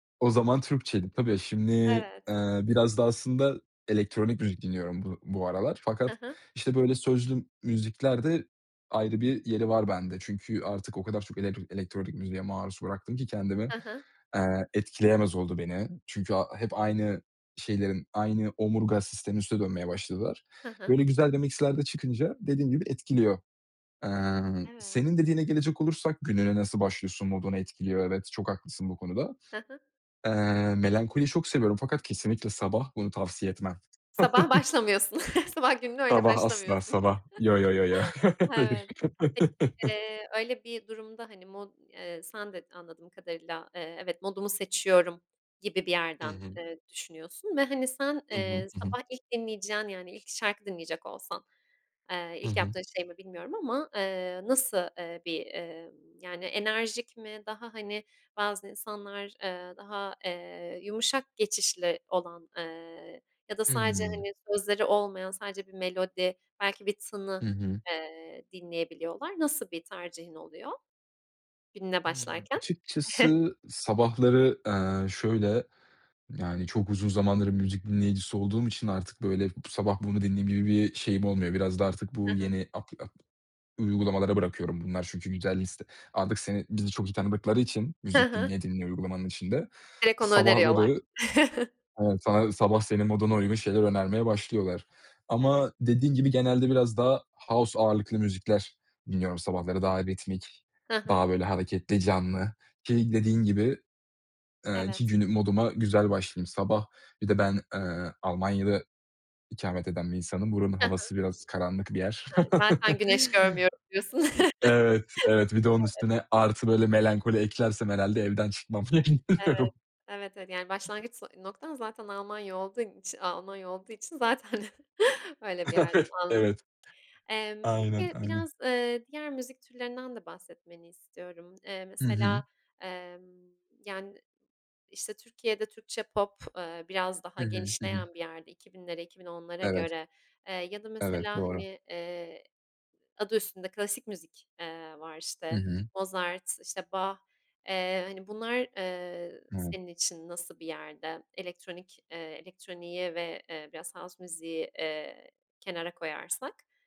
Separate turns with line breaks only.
O zaman Türkçe'ydi, tabii. Şimdi,
Evet.
ııı, biraz da aslında elektronik müzik dinliyorum bu bu aralar
Hı
fakat,
hı.
işte, böyle sözlü müzikler de ayrı bir yeri var bende. Çünkü artık o kadar çok elektr elektronik müziğe maruz bıraktım ki kendimi,
Hı hı.
eee, etkileyemez oldu beni. Çünkü a hep aynı şeylerin, aynı omurga sisteminin üstüne dönmeye başladılar.
Hı hı.
Böyle güzel de mix'ler de çıkınca dediğim gibi etkiliyor.
Hımm,
Emm,
evet.
senin dediğine gelecek olursak, gününe nasıl başlıyorsun, modunu etkiliyor, evet, çok haklısın bu konuda.
Hı hı.
Eee, melankoliyi çok seviyorum fakat kesinlikle sabah, bunu tavsiye etmem.
Sabah başlamıyorsun, sabah gününe öyle
Sabah asla!
başlamıyorsun.
Sabah, yo yo yo yo. Hayır.
Evet. Peki öyle bir durumda hani mod eee, sen de anladığım kadarıyla, eee, evet modumu seçiyorum gibi bir
Hı
yerden,
hı.
eee, düşünüyorsun ve, hani, sen,
Hı hı.
eee,
Hı hı.
sabah ilk dinleyeceğin yani, ilk şarkı dinleyecek olsan, eee,
Hı
ilk
hı.
yaptığın şey mi bilmiyorum ama? Eee, nasıl, eee, bir, emm, yani enerjik mi? Daha hani bazı insanlar, eee, daha, eee, yumuşak geçişli olan, eee, ya da sadece,
Hımm.
hani, sözleri olmayan, sadece bir melodi, belki bir
Hı
tını,
hı.
eee, dinleyebiliyorlar. Nasıl bir tercihin oluyor, gününe
Hımm.
başlarken?
Açıkçası sabahları, eee, şöyle, yani çok uzun zamandır müzik dinleyicisi olduğum için artık böyle b sabah bunu dinleyeyim gibi bir şeyim olmuyor. Biraz da artık
Hı
bu
hı.
yeni apli ap uygulamalara bırakıyorum, bunlar çünkü güzel liste, artık seni, bizi çok iyi tanıdıkları için
Hı
müzik
hı.
dinleye dinleye uygulamanın içinde.
Direkt onu öneriyorlar.
Sabahları, evet sa sabah senin moduna uygun şeyler önermeye başlıyorlar.
Evet.
Ama dediğin gibi genelde biraz daha house ağırlıklı müzikler dinliyorum sabahları daha ritmik,
Hı hı.
daha böyle hareketli, canlı. Ki dediğin gibi, eee, ki
Evet.
günü moduma güzel başlayayım. Sabah bir de ben, eee, Almanya'da ikamet eden bir insanım. Buranın
Hı hı.
havası biraz karanlık bir yer.
He, zaten güneş görmüyorum diyorsun.
Evet, evet. Bir de onun
Evet.
üstüne artı böyle melankoli eklersem, herhâlde evden çıkmam
Evet.
[unintelligible]
Evet, evet. Yani başlangıç so noktan zaten Almanya olduğun içi Almanya olduğu için zaten öyle bir yerden anladım.
Evet.
Emm,
Aynen,
peki
aynen.
biraz, ııı, diğer müzik türlerinden de bahsetmeni istiyorum. Eee,
Hı hı.
mesela, emm, yani, işte, Türkiye'de Türkçe pop, ııı, biraz daha
Hı hı. Hı hı.
genişleyen bir yerde 2000'lere, 2010'lara
Evet.
göre, eee, ya da
Evet
mesela,
doğru.
hani, eee, adı üstünde klasik müzik, eee, var,
Hı
işte,
hı.
Mozart, işte, Bach, eee, hani, bunlar, eee,
Evet.
senin için nasıl bir yerde? Elektronik, eee, elektroniği ve, eee, biraz house müziği, eee, kenara koyarsak.